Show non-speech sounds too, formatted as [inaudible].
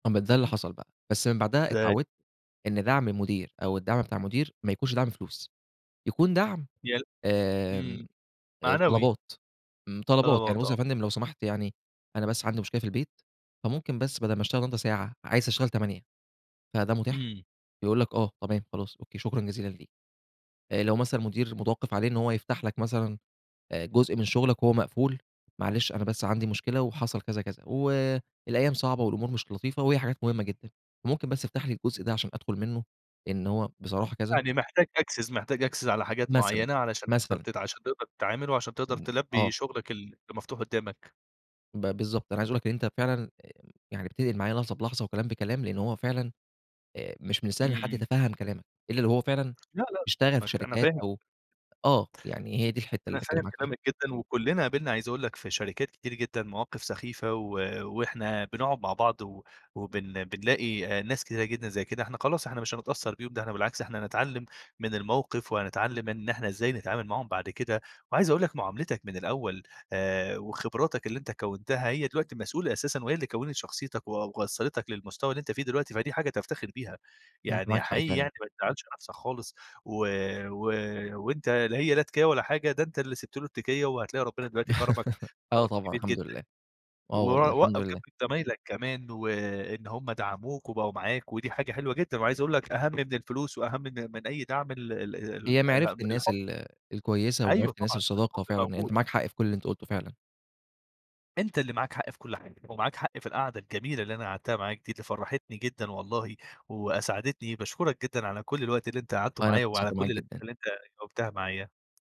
ما ده اللي حصَل بقى، بس من بَعدها [unintelligible] اتعوّدت إن دعْم المدير أو الدعم بتاع المدير ما يكونش دعْم الفلوس، يكون دعْم يا آمم، إمم، آآ، معنوي. طلبات، م طلبات، يعني طلبات بُصّ آه. يا فندم لو سمحت يعني، أنا بس عَندي مشكلة في البيت فممكن بس بدَل ما اشتغل النهارده ساعة عايز أشتغل 8 فده مُتاح، إمم. يقول لك آه، تمام، خلاص، أوكي، شكرًا جزيلا ليك. آآ لو مثلًا مدير متوقّف عليه إن هو يفتَح لك مثلًا آآ جزء من شُغلك هو مقفول، معلش أنا بس عندي مشكلة وحصَل كذا، كذا، والأيام صعبة والأمور مش لطيفة وهي حاجات مهمة جدًا، ممكن بس تفتَحلي الجزء ده علشان أدخُل منه لإن هو بصراحة كذا. يعني محتاج access محتاج access على حاجات مثلًا، معيّنة علشان تقدَر مثلًا. ت علشان تقدَر تتعامل وعلشان تقدَر إمم. تلبّي آه. شُغلك ال المفتوح قُدّامك. ب بالضبط. أنا عايز أقول لك اللي أنت فعلًا آآ يعني بتنقِل معايا لحظة بلحظة وكلام بكلام، لأنه هو فعلًا آآ، مش من السهل إن حد إمم. يتفهَّم كلامك إلّا لو هو فعلًا لأ، لأ، اشتغل في فاهمك، أنا شركات فاهم [unintelligible] أو آه، يعني هي دي الحِتّة اللي أنا باتكلّم فاهم معاك فيها. كلامك جدًا وكلّنا قابلنا عايز أقول لك في شركات كتير جدًا مواقِف سخيفة و وإحنا بنقعُد مع بعض و وبن بنلاقي ناس كتيرة جدًا زي كده، إحنا خلاص، إحنا مش هنتأثّر بيهم ده إحنا بالعكس، إحنا نتعلّم من الموقِف وهنتعلّم إن إحنا إزاي نتعامل معاهُم بعد كده وعايز أقول لك معاملِتك من الأول آآ، وخبراتك اللي أنت كوّنتها هي دلوقتي مسؤولة أساسًا وهي اللي كوّنِت شخصيتك و وصّلِتك للمستوى اللي أنت فيه دلوقتي، فدي حاجة تفتخِر بيها أنت يعني، معاك حق حقيقي فعلًا. يعني ما تزعّلش نفْسك خالص و و وأنت لا هي لا تكيّة ولا حاجة، ده أنت اللي سِبت له التكيّة وهتلاقي ربنا دلوقتي كرَمك [giggles] آه كرَم طبعًا، كبير الحمد جدًا، لله، آه و والله وقَّف الحمد لله. جمب زمايلَك كمان وإن هُم دعَموك وبقوا معاك، ودي حاجة حلوة جدًا وعايز أقول لك أهم من الفلوس وأهم من من أي دعْم ال ال ال هي معرِفة ال الناس الحُب. ال الكويسة أيوه ومعرِفة الناس طبعًا، الحُب الصداقة فعلًا موجود. أنت معاك حق في كل اللي أنت قُلته فعلًا. أنت اللي معاك حق في كل حاجة ومعاك حق في القعدة الجميلة اللي أنا قعَدتها معاك دي اللي فرّحتني جدًا والله وأسعَدتني. باشكرك جدًا على كل الوقت اللي أنت قعَدته والله أنا معايا وعلى اتبسطت كل معاك الأسئلة جدًا. اللي أنت جاوبتها معايا.